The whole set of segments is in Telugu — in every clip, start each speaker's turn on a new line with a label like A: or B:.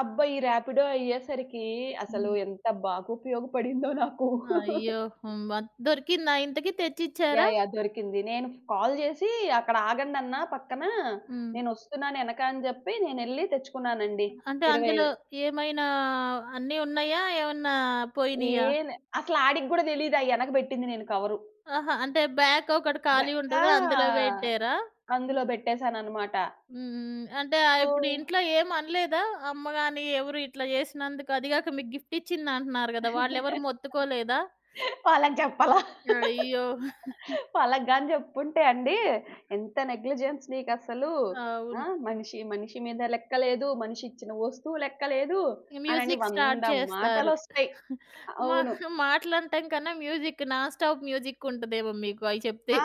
A: అబ్బా! ఈ రాపిడో అయ్యేసరికి అసలు
B: హ్మ్.
A: ఎంత బాగుపయోగపడిందో నాకు.
B: అయ్యో! హ్మ్. బ దొరికిందా ఇంతకి? తెచ్చిచ్చారా?
A: యాహ్! యాహ్! దొరికింది. నేను కాల్ జేసి అక్కడ ఆగండన్నా పక్కనా.
B: హ్మ్.
A: నేనొస్తున్నాను యెనక అని జెప్పి నేనెళ్లి తెచ్చుకున్నానండి.
B: అంటే
A: ఇరవైవే
B: అందులో ఏమైనా అన్ని ఉన్నాయా? ఏమన్నా పోయినయా?
A: ఏన్ అసలాడికి గూడా తెలీదు. ఆ యెనక బెట్టింది నేను కవరు.
B: ఆహా! అంటే బ్యాక్ ఒకటి
A: బె
B: ఖాళీ
A: ఆ!
B: ఉంటది అందులో బెట్టారా?
A: అందులో బెట్టేసానన్నమాట.
B: హ్మ్. హ్మ్. హ్మ్. అంటే ఆహ్, ఇప్పుడు
A: సో
B: ఇంట్లో ఏం అనలేదా? అమ్మ గాని ఎవరు ఇట్లా జేసినందుకు అదీ గాక మీకు గిఫ్ట్ ఇచ్చిందంటున్నారు గదా! వాళ్ళెవరు మొత్తుకోలేదా?
A: వాళ్ళకి జెప్పలా.
B: అయ్యో!
A: వాళ్ళగ్గాని జెప్పుంటే అండి ఎంత నెగ్లిజెన్స్ నీకసలు? ఆ?
B: అవును.
A: మనిషి, మనిషి మీద లెక్కలేదు, మనిషిచ్చిన వస్తువు లెక్కలేదు, అనని
B: మ్యూజిక్ స్టార్ట్
A: 100
B: జేస్తారు.
A: మాటలొస్తయి.
B: మా
A: అవును.
B: మాటలనటం కన్నా మ్యూజిక్, నాన్ స్టాప్ మ్యూజిక్ ఉంటదేమో మీకు అయి చెప్తే.
A: ఆ!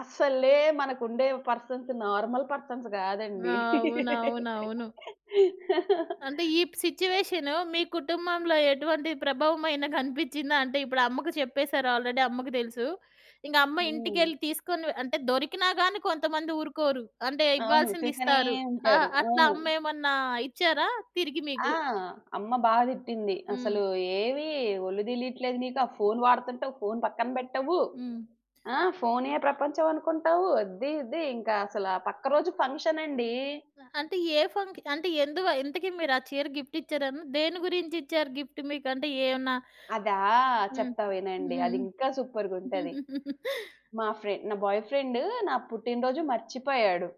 A: అసలే మనకుండేవి పర్సన్స్ నార్మల్ పర్సన్స్ గాదండి!
B: అవునవునవును. అంటే ఈ ప్ సిట్యుయేషన్ మీ కుటుంబంలో ఎటువంటి ప్రభావం అయిన గనిపిచ్చిందా? అంటే ఇప్పుడు అమ్మకు చెప్పేసారు ఆల్రెడీ అమ్మకి దెలుసు. ఇంగ అమ్మ
A: హ్మ్.
B: ఇంటికెళ్ళి తీసుకొని అంటే దొరికినా గాని కొంతమంది ఊరుకోరు. అంటే
A: అవును. తిడ్తనే
B: ఇవ్వాల్సిందిస్తారు. ఆ!
A: ఉంటారు.
B: అట్లా
A: అవును.
B: అమ్మేమన్నా ఇచ్చారా తిరిగి
A: ఆ!
B: మీకు?
A: అమ్మ బా తిట్టింది.
B: హ్మ్.
A: అసలు ఏమి ఒళ్ళు దేలిట్లేదు నీకు, ఆ ఫోన్ వాడుతుంటావు ఫోన్ పక్కన బెట్టవు.
B: హ్మ్.
A: ఆ! ఫోనే ప్రపంచం అనుకుంటావు. అద్ది ఇది, ఇంకా అసలు పక్క రోజు ఫంక్షన్ అండీ!
B: అంటే ఏ ఫంక్ అంటే ఎందువ ఇంతకి మీరు ఆ చీర గిఫ్ట్ ఇచ్చారన్ దేని గురించిచ్చారు గిఫ్ట్ మీకు? అంటే ఏమన్నా
A: అదా!
B: హ్మ్.
A: చెప్తా
B: హ్మ్.
A: వినండి. అదింకా
B: హ్మ్.
A: సూపర్‌గుంటది. మా ఫ్రె నా బాయ్ ఫ్రెండ్ నా పుట్టినరోజు మర్చిపోయాడు.